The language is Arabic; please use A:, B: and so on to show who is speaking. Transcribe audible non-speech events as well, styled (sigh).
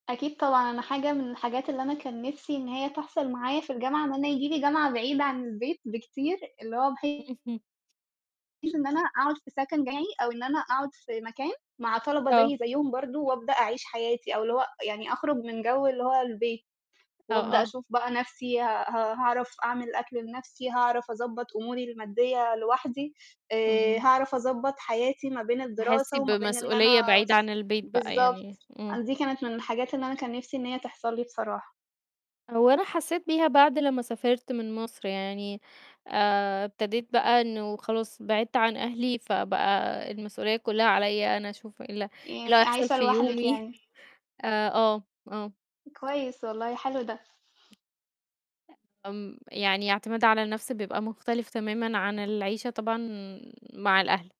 A: أكيد طبعًا، أنا حاجة من الحاجات اللي أنا كان نفسي إن هي تحصل معايا في الجامعة، إن أنا ييجي لي جامعة بعيدة عن البيت بكتير، اللي هو بحيث
B: اهم.
A: إن أنا أقعُد في سَكَن جامعي، أو إن أنا أقعُد في مكان مع طَلَبة
B: آه.
A: زيي زيُّهم برضه، وأبدأ أعيش حياتي أو اللي هو يعني أخرُج من جَوّ اللي هو البيت،
B: آه،
A: وأبدأ
B: آه.
A: أشوف بقى نفسي ها ها هاعرف أعمِل أكل لنَفْسي، هاعرف أضبّط أموري المادية لوحدي، آآ،
B: اهم.
A: هاعرف أضبّط حياتي ما بين
B: تحسي
A: الدراسة وما بين إن
B: بمسؤولية
A: أنا
B: بعيدة عن البيت بقى
A: بالضبط،
B: يعني، امم.
A: أن دي كانت من الحاجات اللي أنا كان نفسي إن هي تحصل لي بصراحة.
B: هو أنا حسيت بيها بعد لمّا سافِرت من مصر يعني، آآ، ابتديت بقى إنه خلاص بعِدت عن أهلي، فبقى المسؤولية كلّها عليَّ أنا أشوف إيه ال إيه اللي
A: يعني
B: هيحصل
A: عايشة
B: في
A: لوحدِك
B: يومي
A: يعني.
B: (chuckles) آآ، آه، آه.
A: كويس والله، حلو ده.
B: آمم، يعني اعتماد على النَفْس بيبقى مختلف تمامًا عن العيشة طبعًا مع الأهل.